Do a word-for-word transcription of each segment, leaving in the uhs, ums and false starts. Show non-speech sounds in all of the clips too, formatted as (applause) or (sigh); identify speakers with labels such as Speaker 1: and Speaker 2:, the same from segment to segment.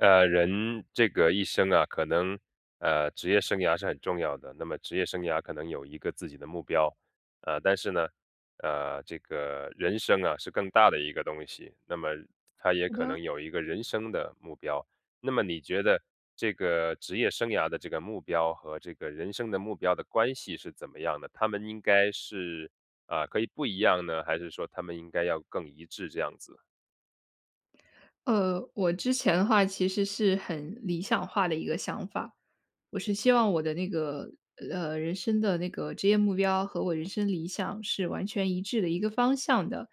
Speaker 1: 呃，人这个一生啊，可能，呃，职业生涯是很重要的。那么职业生涯可能有一个自己的目标。呃，但是呢，呃，这个人生啊，是更大的一个东西，那么它也
Speaker 2: 使
Speaker 1: 可
Speaker 2: 的。
Speaker 1: 能有一个人生的目标。那么你觉得这个职业生涯的这个目标，和这个人生的目标的关系是怎么样的？它们应该是，啊，可以不一样呢？还是说它们应该要更一致这样子。
Speaker 2: 呃，我之前的话，其实是很理想化的一个想法。我是希望我的那个，呃，人生的那个职业目标和我人生理想是完全一致的一个方向的。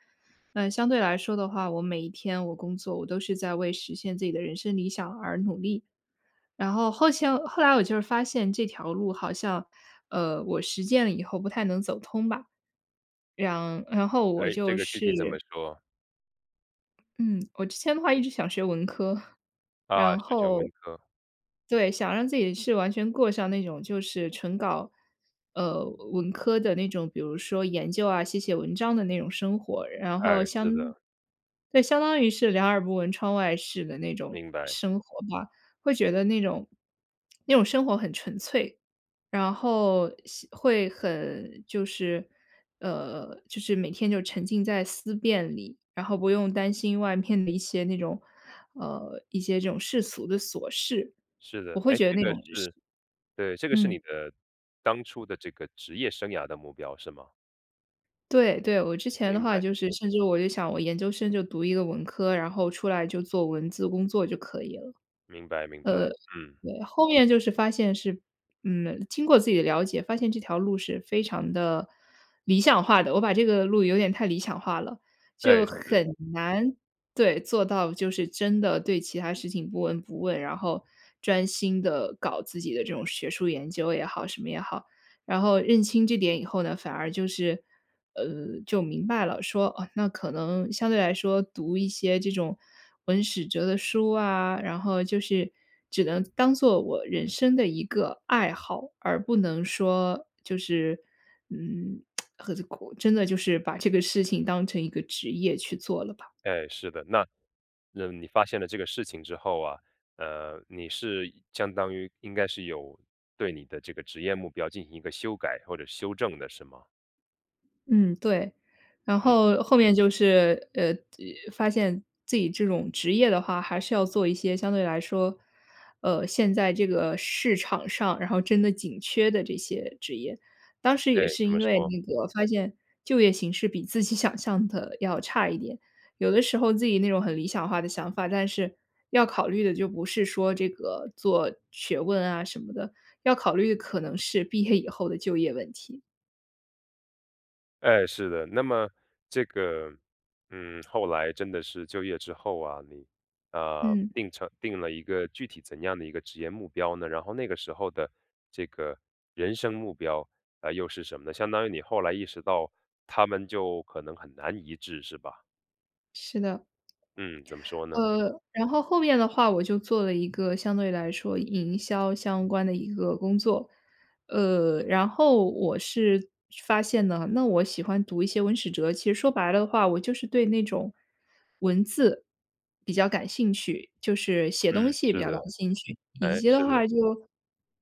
Speaker 2: 嗯相对来说的话，我每一天我工作我都是在为实现自己的人生理想而努力。然后，后迁后来我就是发现这条路好像，呃，我实践了以后不太能走通吧。让然后我
Speaker 1: 哎？这
Speaker 2: 就
Speaker 1: 个具体怎
Speaker 2: 是
Speaker 1: 么说？
Speaker 2: 嗯，我之前的话一直想学文科。(chuckles)
Speaker 1: 啊，
Speaker 2: 然
Speaker 1: 选选
Speaker 2: 后
Speaker 1: 文科。
Speaker 2: 对，想让自己是完全过上那种就是纯搞，呃，文科的那种，比如说研究啊、写写文章的那种生活。然
Speaker 1: 哎，
Speaker 2: 后
Speaker 1: 是
Speaker 2: 相
Speaker 1: 的。
Speaker 2: 对，相当于是两耳不闻窗外事的那种
Speaker 1: 明白。
Speaker 2: 生活吧。会觉得那种 (smacks lips) 那种生活很纯粹，然后像会很，就是，呃，就是每天就沉浸在思辨里，然后不用担心外面的一些那种，呃，一些这种世俗的琐事，
Speaker 1: 是
Speaker 2: 我
Speaker 1: 的。
Speaker 2: 会
Speaker 1: 哎？
Speaker 2: 觉得
Speaker 1: 这
Speaker 2: 那
Speaker 1: 个
Speaker 2: 种就是
Speaker 1: 是对，这个是
Speaker 2: 嗯。
Speaker 1: 你的当初的这个职业生涯的目标是吗？
Speaker 2: 对，对。我之前的
Speaker 1: 明
Speaker 2: 话
Speaker 1: 白。
Speaker 2: 就是甚至我有想我研究生就读一个文科，然后出来就做文字工作就可以了。呃，
Speaker 1: 明白，明白，嗯。
Speaker 2: 对。后面就是发现是嗯，经过自己的了解，发现这条路是非常的理想化的，我把这个路有点太理想化了。就
Speaker 1: 对，是。
Speaker 2: 很难对，做到就是真的对其他事情不闻不问，然后专心地搞自己的这种学术研究也好、什么也好。然后认清这点以后呢，反而就是，呃，就明白了，说，哦，那可能相对来说读一些这种文史哲的书啊，然后就是只能当做我人生的一个爱好，而不能说就是嗯，(tsk) 何苦，真的就是把这个事情当成一个职业去做了吧。
Speaker 1: 哎，是的。那，嗯，你发现了这个事情之后啊，呃，你是相当于应该是有对你的这个职业目标，进行一个修改或者是修正的，是吗？
Speaker 2: 嗯，对。然
Speaker 1: 嗯。
Speaker 2: 后后面就是，呃，发现自己这种职业的话，还是要做一些相对来说，呃，现在这个市场上，然后真的紧缺的这些职业。当时也
Speaker 1: 哎，
Speaker 2: 是
Speaker 1: 怎么
Speaker 2: 因为
Speaker 1: 说？
Speaker 2: 那个发现就业形势比自己想象的要差一点。有的时候自己那种很理想化的想法，但是，要考虑的就不是说这个做学问啊什么的，要考虑可能是毕业以后的就业问题。
Speaker 1: 哎，是的。那么这个，嗯，后来真的是就业之后啊，你，啊，
Speaker 2: 嗯。
Speaker 1: 定成定了一个具体怎样的一个职业目标呢？然后那个时候的，这个人生目标，呃，又是什么呢？相当于你后来意识到它们就可能很难一致是吧？
Speaker 2: 是的。
Speaker 1: 嗯，怎么说呢？
Speaker 2: 呃，然后后面的话，我就做了一个相对来说营销相关的一个工作。呃，然后我是发现呢，那我喜欢读一些文史哲，其实说白了的话，我就是对那种文字比较感兴趣，就是写东
Speaker 1: 嗯，
Speaker 2: 西比
Speaker 1: 是
Speaker 2: 较感
Speaker 1: 的，
Speaker 2: 兴趣，以
Speaker 1: 哎，
Speaker 2: 及
Speaker 1: 是
Speaker 2: 的
Speaker 1: 的。
Speaker 2: 话就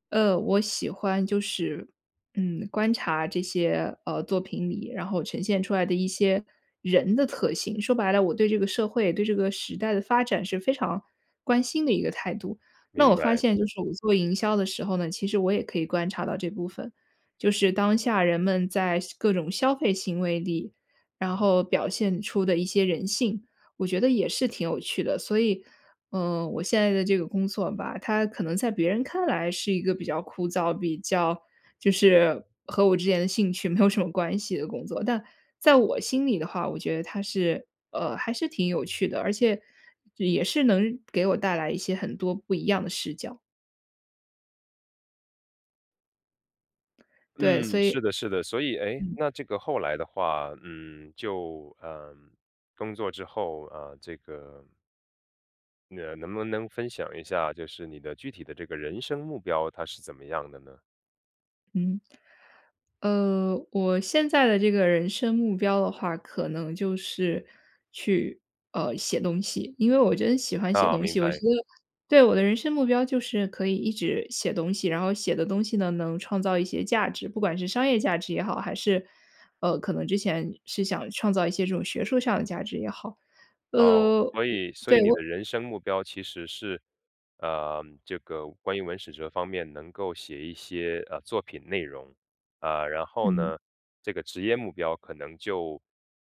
Speaker 2: 呃，我喜欢就是，嗯，观察这些，呃，作品里然后呈现出来的一些人的特性。说白了，我对这个社会、对这个时代地发展是非常关心的一个态度。那我
Speaker 1: 明
Speaker 2: 发
Speaker 1: 白。
Speaker 2: 现就是我做营销的时候呢，其实我也可以观察到这部分，就是当下人们在消各种消费行为里，然后表现出的一些人性，我觉得也是挺有趣的。所以，呃，我现在的这个工作吧，它可能在别人看来是一个比较枯燥，比较就是和我之前的兴趣没有什么关系的工作，但在我心里的话，我觉得它是，呃，还是挺有趣的，而且也是能给我带来一些很多不一样的视角。对，所
Speaker 1: 嗯，是
Speaker 2: 以
Speaker 1: 的，是的，所以诶，
Speaker 2: 嗯。
Speaker 1: 那这个后来的话，嗯，就，呃，工作之后，呃，这个呃，能不能分享一下，就是你的具体的这个人生目标，它是怎么样的呢？
Speaker 2: 嗯。呃，我现在的这个人生目标的话，可能就是去，呃，写东西，因为我真喜欢写
Speaker 1: 啊，
Speaker 2: 东
Speaker 1: 明
Speaker 2: 西，我觉
Speaker 1: 白。
Speaker 2: 得对，我的人生目标就是可以一直写东西，然后写的东西呢，能创造一些价值，不管是商业价值也好，还是，呃，可能之前是想创造一些这种学术上的价值也好。
Speaker 1: 哦，
Speaker 2: 呃，
Speaker 1: 所以，所
Speaker 2: 对，
Speaker 1: 以你
Speaker 2: 我
Speaker 1: 的人生目标其实是，呃，这个关于文史哲方面能够写一些，呃，作品内容。呃，然后
Speaker 2: 嗯。
Speaker 1: 呢，这个职业目标可能就，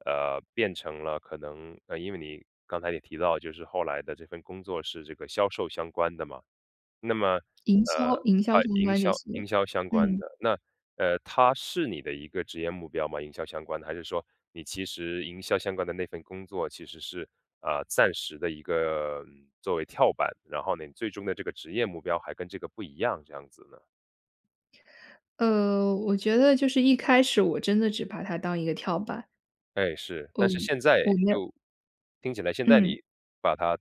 Speaker 1: 呃，变成了可能呃因为你刚才也提到，就是后来的这份工作是这个销售相关的嘛。那么，
Speaker 2: 营销
Speaker 1: 呃，
Speaker 2: 营销
Speaker 1: 啊
Speaker 2: 相
Speaker 1: 营
Speaker 2: 关这
Speaker 1: 销
Speaker 2: 些，
Speaker 1: 营销相关
Speaker 2: 嗯。
Speaker 1: 的，那，呃，它是你的一个职业目标吗？营销相关的，还是说你其实营销相关的那份工作其实是，啊，暂时的一个，嗯，作为跳板，然后你最终的这个职业目标还跟这个不一样，这样子呢？
Speaker 2: 呃，我觉得就是一开始我真的只把它当一个跳板。
Speaker 1: 哎，是。但是
Speaker 2: 嗯，
Speaker 1: 现在
Speaker 2: 我没有
Speaker 1: 就听起来现在
Speaker 2: 嗯。
Speaker 1: 你把它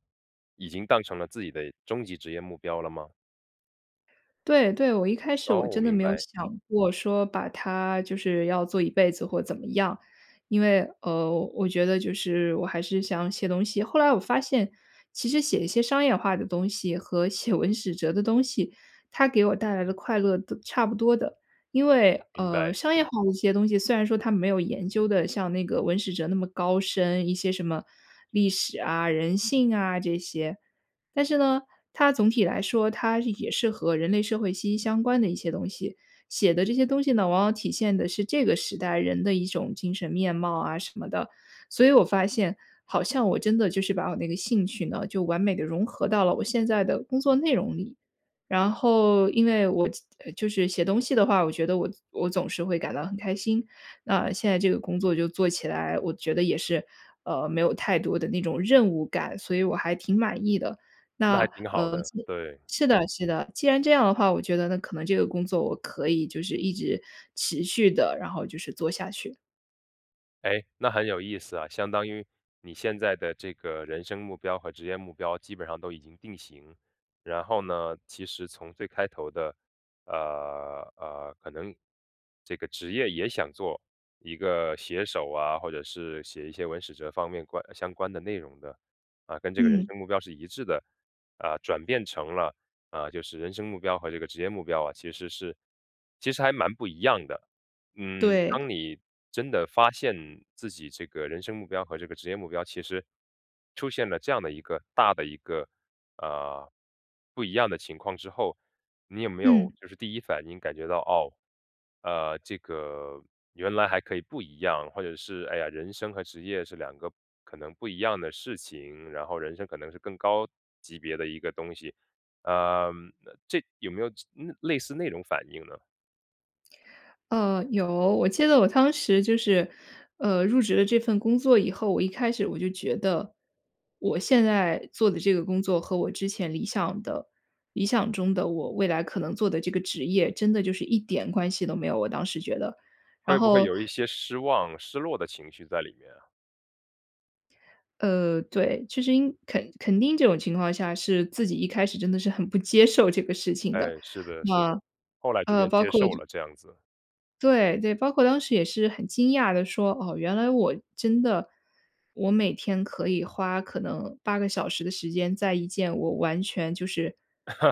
Speaker 1: 已经当成了自己的终极职业目标了吗？
Speaker 2: 对，对，我一开始我
Speaker 1: 哦，
Speaker 2: 真的
Speaker 1: 明
Speaker 2: 没有
Speaker 1: 白。
Speaker 2: 想过说把它就是要做一辈子或怎么样。因为，呃，我觉得就是我还是想写东西。后来我发现，其实写一些商业化的东西和写文史哲的东西，它给我带来的快乐都差不多的。因为，
Speaker 1: 明
Speaker 2: 呃，
Speaker 1: 白。
Speaker 2: 商业化的一些东西，虽然说它没有研究得像那个文史哲那么高深，一些什么历史啊、人性啊这些。但是呢，它总体来说，它也是和人类社会息息相关的一些东西。写的这些东西呢，往往体现的是这个时代人的一种精神面貌啊什么的。所以我发现好像我真的就是把我那个兴趣呢，就完美地融合到了我现在的工作内容里。然后，因为我就是写东西的话，我觉得我我总是会感到很开心，那现在这个工作就做起来，我觉得也是，呃，没有太多的那种任务感，所以我还挺满意的。
Speaker 1: 那还
Speaker 2: 那，
Speaker 1: 挺好
Speaker 2: 呃
Speaker 1: 的，
Speaker 2: 是
Speaker 1: 对。
Speaker 2: 是的，是的，既然这样的话，我觉得那可能这个工作我可以就是一直持续地，然后就是做下去。
Speaker 1: 哎，那很有意思啊，相当于你现在的这个人生目标和职业目标，基本上都已经定型。然后呢，其实从最开头的，呃，呃，可能这个职业也想做一个写手啊，或者是写一些文史哲方面关相关的内容的，啊，跟这个人
Speaker 2: 嗯。
Speaker 1: 生目标是一致的，啊，转变成了，啊，就是人生目标和这个职业目标啊，其实是其实还蛮不一样的。嗯，
Speaker 2: 对。
Speaker 1: 当你真的发现，自己这个人生目标和这个职业目标，其实出现了这样的一个，大的一个，呃，不一样的情况之后，你有没
Speaker 2: 嗯。
Speaker 1: 有就是第一反应感觉到，哦，呃，这个原来还可以不一样，或者是，哎呀，人生和职业是两个可能不一样的事情，然后人生可能是更高级别的一个东西，呃，这有没有这类似那种反应呢？
Speaker 2: 呃，有。我记得我当时就是，呃，入职了这份工作以后，我一开始我就觉得，我现在做的这个工作和我之前理想的理想中的我未来可能做的这个职业，真的就是一点关系都没有，我当时觉得。然
Speaker 1: 会不会
Speaker 2: 后
Speaker 1: 有一些失望、失落的情绪在里面啊？
Speaker 2: 呃，对。其实因肯肯定这种情况下，是自己一开始真的是很不接受这个事情的。
Speaker 1: 哎，是的，是的。
Speaker 2: 那，
Speaker 1: 后来逐
Speaker 2: 呃，
Speaker 1: 渐
Speaker 2: 包
Speaker 1: 接
Speaker 2: 括
Speaker 1: 受
Speaker 2: 就
Speaker 1: 了这样子。
Speaker 2: 对，对，包括当时也是很惊讶地说：“哦，原来我真的我每天可以花可能八个小时的时间，在一件我完全就是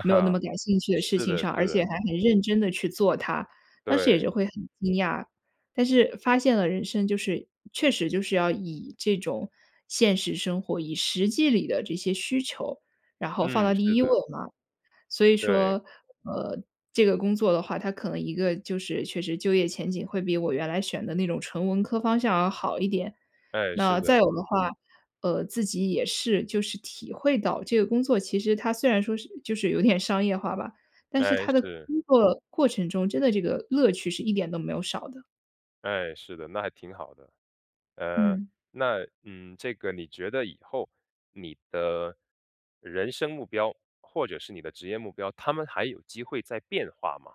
Speaker 2: 没有那么 感兴趣的事
Speaker 1: 是
Speaker 2: 情
Speaker 1: 的，
Speaker 2: 上，而
Speaker 1: 是
Speaker 2: 且
Speaker 1: 的。
Speaker 2: 还很认真地去做它。”当时也是
Speaker 1: 对。
Speaker 2: 会很惊讶。但是发现了人生就是确实就是要以这种现实生活、以实际里的这些需求，然后放到
Speaker 1: 嗯，
Speaker 2: 第
Speaker 1: 是
Speaker 2: 一卧
Speaker 1: 的。
Speaker 2: 嘛。所以
Speaker 1: 对。
Speaker 2: 说，呃，这个工作的话，它可能一个就是确实就业前景会比我原来选的那种纯文科方向要好一点。
Speaker 1: 哎，
Speaker 2: 那
Speaker 1: 是
Speaker 2: 再有
Speaker 1: 的。
Speaker 2: 的话，呃，自己也是就是体会到这个工作，其实它虽然说是就是有点商业化吧，但是
Speaker 1: 哎，
Speaker 2: 它的
Speaker 1: 是。
Speaker 2: 工作过程中，真的这个乐趣是一点都没有少的。
Speaker 1: 哎，是的，那还挺好的。呃，
Speaker 2: 嗯。
Speaker 1: 那嗯，这个你觉得以后，你的人生目标、或者是你的职业目标，它们还有机会再变化吗？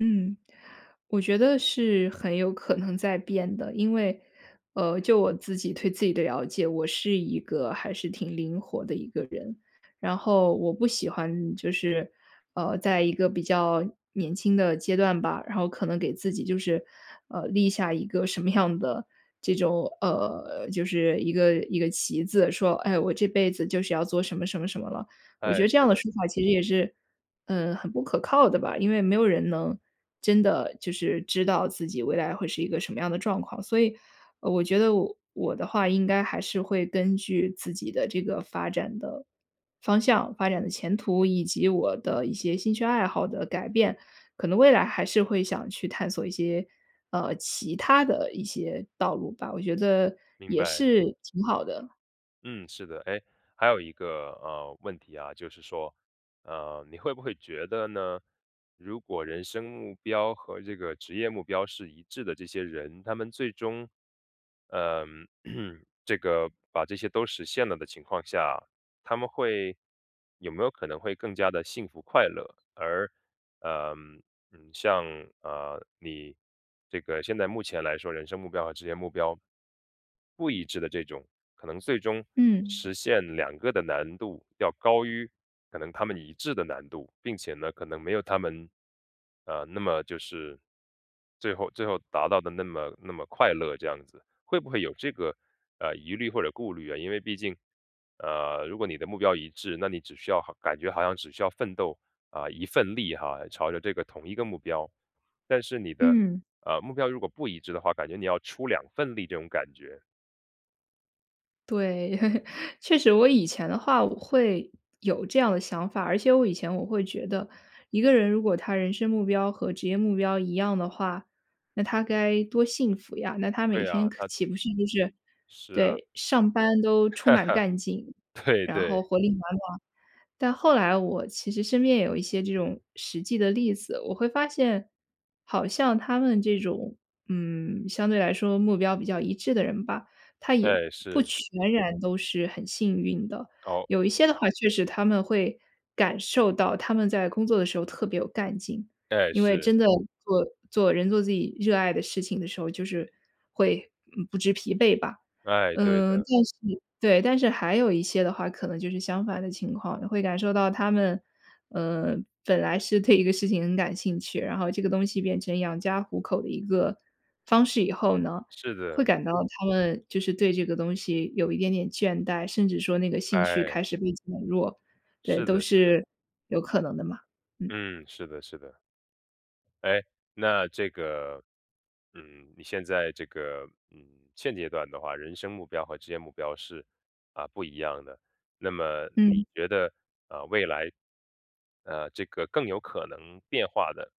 Speaker 2: 嗯，我觉得是很有可能在变的。因为，呃，就我自己对自己的了解，我是一个还是挺灵活的一个人。然后我不喜欢就是，呃，在一个比较年轻的阶段吧，然后可能给自己就是，呃，立下一个什么样的这种，呃，就是一个一个旗子说：“哎，我这辈子就是要做什么什么什么了。”我觉
Speaker 1: 哎，
Speaker 2: 得
Speaker 1: 是
Speaker 2: 这样的
Speaker 1: 的。
Speaker 2: 说法其实也是，呃，很不可靠的吧。因为没有人能真的就是知道自己未来会是一个什么样的状况。所以，呃我觉得我我的话应该还是会根据自己的这个发展的方向、发展的前途，以及我的一些兴趣爱好的改变，可能未来还是会想去探索一些，呃，其他的一些道路吧，我觉得
Speaker 1: 明
Speaker 2: 也
Speaker 1: 白。
Speaker 2: 是挺好的。
Speaker 1: 嗯，是的。诶，还有一个，呃，问题啊，就是说，呃，你会不会觉得呢，如果人生目标和这个职业目标是一致的这些人，他们最终，呃嗯，(clears throat) 这个把这些都实现了的情况下，他们会有没有可能会更加地幸福快乐？而，嗯，嗯像，呃，你这个现在目前来说，人生目标和职业目标不一致的这种，可能最终
Speaker 2: 嗯。
Speaker 1: 实现两个的难度，要高迂可能他们一致的难度。并且呢，可能没有他们，呃，那么就是最后最后达到的那么那么快乐这样子。会不会有这个，呃，疑虑或者顾虑呀？因为毕竟，呃，如果你的目标一致，那你只需要好感觉好像只需要奋斗，啊，一份力哈，朝着这个同一个目标。但是你的，
Speaker 2: 嗯。
Speaker 1: 呃，目标如果不一致的话，感觉你要出两份力这种感觉。
Speaker 2: 对，(chuckles) 确实我以前的话我会有这样的想法，而且我以前我会觉得，一个人如果他人生目标和职业目标一样的话，那他该多幸福呀，那他每
Speaker 1: 对啊，
Speaker 2: 天可
Speaker 1: 他
Speaker 2: 岂不是就是
Speaker 1: 是啊。
Speaker 2: 对，上班都充满干劲，
Speaker 1: (chuckles) 对，
Speaker 2: 然后
Speaker 1: 对。
Speaker 2: 活力满满。但后来我其实身边也有一些这种实际的例子，我会发现，好像他们这种，嗯，相对来说目标比较一致的人吧，他也
Speaker 1: 对，
Speaker 2: 不
Speaker 1: 是。
Speaker 2: 全然都是很幸运的。
Speaker 1: 哦。
Speaker 2: 有一些的话确实他们会感受到他们在工作的时候特别有干劲，
Speaker 1: 哎，
Speaker 2: 因为
Speaker 1: 是。
Speaker 2: 真的做做人做自己热爱的事情的时候，就是会，嗯，不知疲惫吧。
Speaker 1: 哎，对
Speaker 2: 嗯，
Speaker 1: 的。
Speaker 2: 但是对，但是还有一些的话，可能就是相反的情况的。会感受到他们，呃，本来是对一个事情很感兴趣，然后这个东西变成养家糊口的一个方式以后呢，
Speaker 1: 是
Speaker 2: 会
Speaker 1: 的。
Speaker 2: 感到他们就是对这个东西有一点点倦怠，甚至说那个兴趣
Speaker 1: 哎。
Speaker 2: 开始被减弱。对，
Speaker 1: 是
Speaker 2: 都
Speaker 1: 的，是的。
Speaker 2: 是有可能的嘛，嗯。
Speaker 1: 嗯，是的，是的。哎，那这个，嗯，你现在这个，嗯，现阶段的话，人生目标和职业目标是，啊，不一样的。那么
Speaker 2: 嗯。
Speaker 1: 你觉得，呃，未来，呃，这个更有可能变化的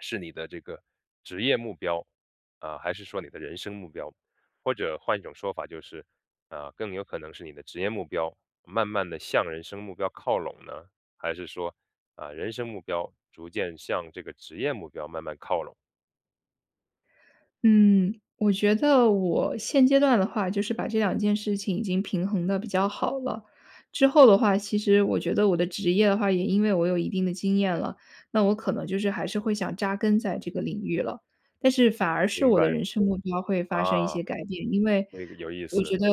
Speaker 1: 是你的这个职业目标，啊，还是说你的人生目标。或者换一种说法就是，啊，更有可能是你的职业目标，慢慢地向人生目标靠拢呢？还是说，啊人生目标逐渐向这个职业目标慢慢靠拢？
Speaker 2: 嗯，我觉得我现阶段的话，就是把这两件事情已经平衡得比较好了。之后的话，其实我觉得我的职业的话，也因为我有一定的经验了，那我可能就是还是会想扎根在这个领域了。但是反而是
Speaker 1: 明
Speaker 2: 我
Speaker 1: 白，
Speaker 2: 的人生目标会发生一
Speaker 1: 啊，
Speaker 2: 些改变，因为
Speaker 1: 那个有意
Speaker 2: 我
Speaker 1: 思。
Speaker 2: 觉得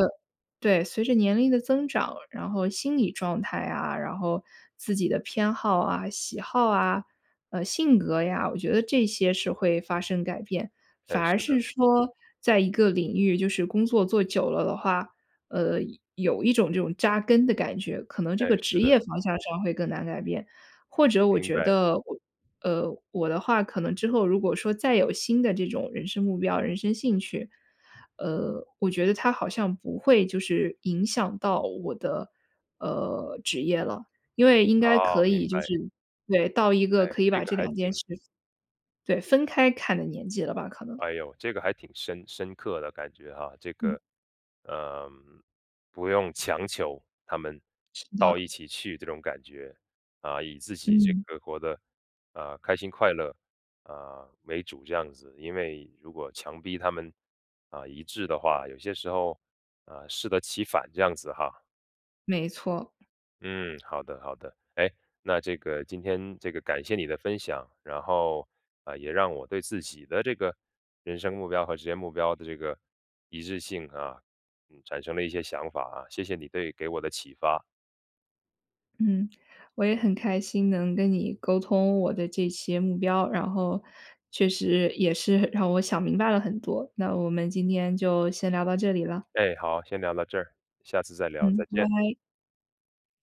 Speaker 2: 对，随着年龄的增长，然后心理状态啊，然后自己的偏好啊、喜好啊、呃，性格呀，我觉得这些是会发生改变。反
Speaker 1: 哎，是
Speaker 2: 而
Speaker 1: 的。
Speaker 2: 是说，在一个领域就是工作做久了的话，呃，有有一种这种扎根的感觉，可能
Speaker 1: 哎，
Speaker 2: 这个职
Speaker 1: 是的。
Speaker 2: 业方向上会更难改变。或者我
Speaker 1: 明
Speaker 2: 觉
Speaker 1: 白。
Speaker 2: 得我呃，我的话可能之后如果说再有新的这种人生目标、人生兴趣，呃，我觉得它好像不会就是影响到我的，呃，职业了。因为应该
Speaker 1: 啊，
Speaker 2: 可以
Speaker 1: 明
Speaker 2: 就是
Speaker 1: 白。
Speaker 2: 对，到一个
Speaker 1: 哎，
Speaker 2: 可以
Speaker 1: 这
Speaker 2: 把
Speaker 1: 个
Speaker 2: 这
Speaker 1: 还
Speaker 2: 两件
Speaker 1: 挺
Speaker 2: 事分对，分开看的年纪了吧，可能。
Speaker 1: 哎哟，这个还挺深深刻的感觉啊。这
Speaker 2: 嗯。
Speaker 1: 个，呃，不用强求他们
Speaker 2: 是
Speaker 1: 到
Speaker 2: 的。
Speaker 1: 一起去这种感觉。啊，以自己这
Speaker 2: 嗯。
Speaker 1: 个活得，啊，开心快乐，啊，为主这样子。因为如果强逼他们，啊，一致的话，有些时候，呃，适得其反这样子哈。
Speaker 2: 没错。
Speaker 1: 嗯，好的，好的。哎？那这个今天这个感谢你的分享。然后，呃，也让我对自己的这个人生目标和职业目标的这个一致性啊，嗯，产生了一些想法啊，谢谢你对给我的启发。
Speaker 2: 嗯，我也很开心能跟你沟通我的这些目标，然后，确实也是让我想明白了很多，那我们今天就先聊到这里了。
Speaker 1: 哎，好，先聊到这儿，下次再聊，
Speaker 2: 嗯，
Speaker 1: 再见。
Speaker 2: 歪。